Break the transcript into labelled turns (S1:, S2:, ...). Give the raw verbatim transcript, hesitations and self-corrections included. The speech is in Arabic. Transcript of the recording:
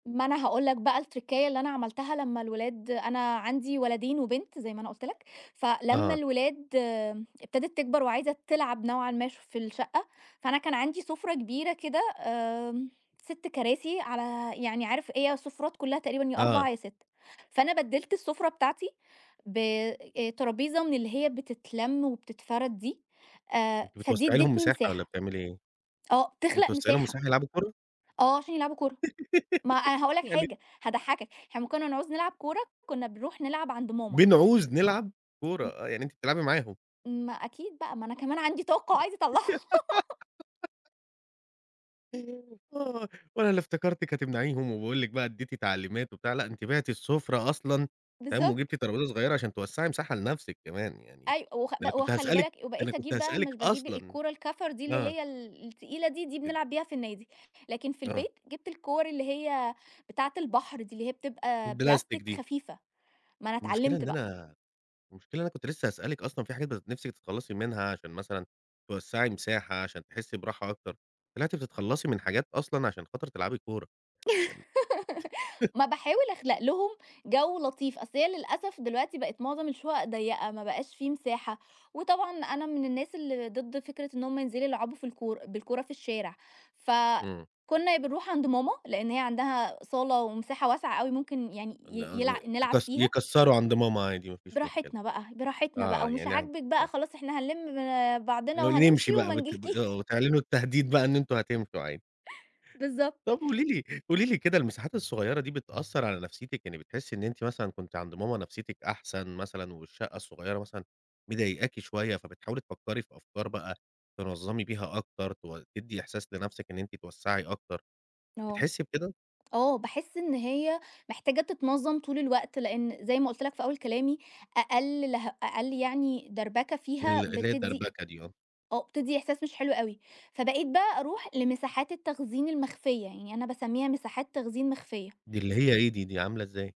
S1: ما أنا هاقول لك بقى التركّاية اللي أنا عملتها لما الولاد أنا عندي ولدين وبنت زي ما أنا قُلت لك، فلما
S2: آه.
S1: الولاد ابتدِت تكْبر وعايزة تلعب نوعًا ما في الشقة، فأنا كان عندي سُفرة كبيرة كده آمم، ست كراسي على يعني عارف هي السُفرات كلها تقريبًا يا أربعة
S2: آه.
S1: يا ستة فأنا بدّلت السُفرة بتاعتي ب أ طرابيزة من اللي هي بتتلَم وبتتفرد دي آآ،
S2: أنتِ
S1: فدي
S2: بتوسعِ لهم
S1: ادّتني
S2: مساحة والّا
S1: مساحة.
S2: بتعملي إيه؟ أنتِ
S1: آه، تخلَق
S2: بتوسعي لهم
S1: مساحة،
S2: مساحة يلعبوا كورة؟
S1: آه عشان يلعبوا كورة ما أنا هقول لك
S2: يعني
S1: حاجة هاضحكك، إحنا أمّا كنَّا نعوز نلعب كورة كنَّا بنروح نلعب عند ماما.
S2: بنعوز نلعب كورة
S1: م
S2: آه، يعني أنتِ بتلعبي معاهم؟
S1: ما أكيد بقى، ما أنا كمان عندي طاقة عايزة أطلّعها.
S2: آه، وأنا اللي افتكرتِك هتمنعيهم وباقول لِك بقى اديّتِ تعليمات وبتاع لأ، أنتِ بِعتِ السُفرة أصلًا تمام،
S1: بالضبط.
S2: وجبتِ طرابيزة صغيّرة عشان توسّعي مساحة لنفسِك كمان يعني،
S1: أيو وخ
S2: ده
S1: ب
S2: أنا كنت
S1: وخّلِ
S2: هاسألِك
S1: بالك
S2: ده أنا
S1: وبقيت
S2: كنت
S1: أجيب بقى
S2: هاسألِك
S1: مش باجيب
S2: أصلًا
S1: الكورة الكَفر دي اللي
S2: آه.
S1: هي ال التقيلة دي، دي
S2: أب
S1: بنلعب بيها في النادي، لكن في
S2: آه.
S1: البيت جبت الكور اللي هي بتاعة البحر دي اللي هي بتبقى
S2: البلاستيك
S1: بلاستيك
S2: دي.
S1: خفيفة، ما أنا
S2: المشكلة
S1: اتعلّمت
S2: إن
S1: بقى.
S2: أنا المشكلة إن أنا كنت لسه هاسألِك أصلًا في حاجات [unintelligible] نفسِك تتخلّصي منها عشان مثلًا توسّعي مساحة عشان تحسّي براحة أكتر، طلعتِ بتتخلّصي من حاجات أصلًا عشان خاطر تلعبي كورة. ام
S1: ما باحاول أخلق لهم جو لطيف، أصل هي للأسف دلوقتي بَقِت مُعظم الشقق ضيّقة، ما بقاش في مساحة، وطبعًا أنا من الناس اللي ضد فكرة إن هُم ينزلوا يلعبوا في الكور بالكورة في الشارع، ف
S2: إمم.
S1: كنُّا بنروح عند ماما لإن هي عندها صالة ومساحة واسعة أوي ممكن يعني
S2: إن
S1: ي
S2: أن
S1: يلع نلعب
S2: يك
S1: فيها.
S2: يكسّروا عند ماما عادي ما فيش مشكلة.
S1: براحتنا بقى، براحتنا بقى
S2: آه،
S1: ومش
S2: يعني ع
S1: عاجبِك بقى،
S2: آه.
S1: خلاص احنا هَنلِم
S2: ن
S1: بعضنا
S2: نمشي
S1: وهنمشي
S2: بقى
S1: وما
S2: بت آه،
S1: نجلكيش.
S2: وتعلنوا التهديد بقى إن أنتم هتمشوا [unintelligible]
S1: بالضبط.
S2: طب قولي لي قولي لي كده المساحات الصغيّرة دي بتأثّر على نفسيّتِك، يعني بتحسّي إن أنتِ مثلًا كنت عند ماما نفسيّتِك أحسن مثلًا والشقة الصغيرة مثلًا مِضايقاكِ شويّة، فبتحاولي تفكّري في أفكار بقى تنظّمي بيها أكتر تو تدّي إحساس لنفْسِك إن أنتِ توسّعي أكتر.
S1: آه،
S2: بتحسّي بكده؟
S1: آه، باحس إن هي محتاجة تتنظّم طول الوقت، لإن زي ما قُلت لك في أول كلامي أقل لها أقل يعني دَربَكة فيها
S2: ال اللي هي
S1: بتدّي
S2: الدَربكة دي آه.
S1: آه، بتدّي إحساس مش حلو أوي، فبقيت بقى أروح لمساحات التخزين المخفيّة، يعني أنا باسميها مساحات تخزين مخفيّة.
S2: دي اللي هي إيه دي، دي عاملة إزاي؟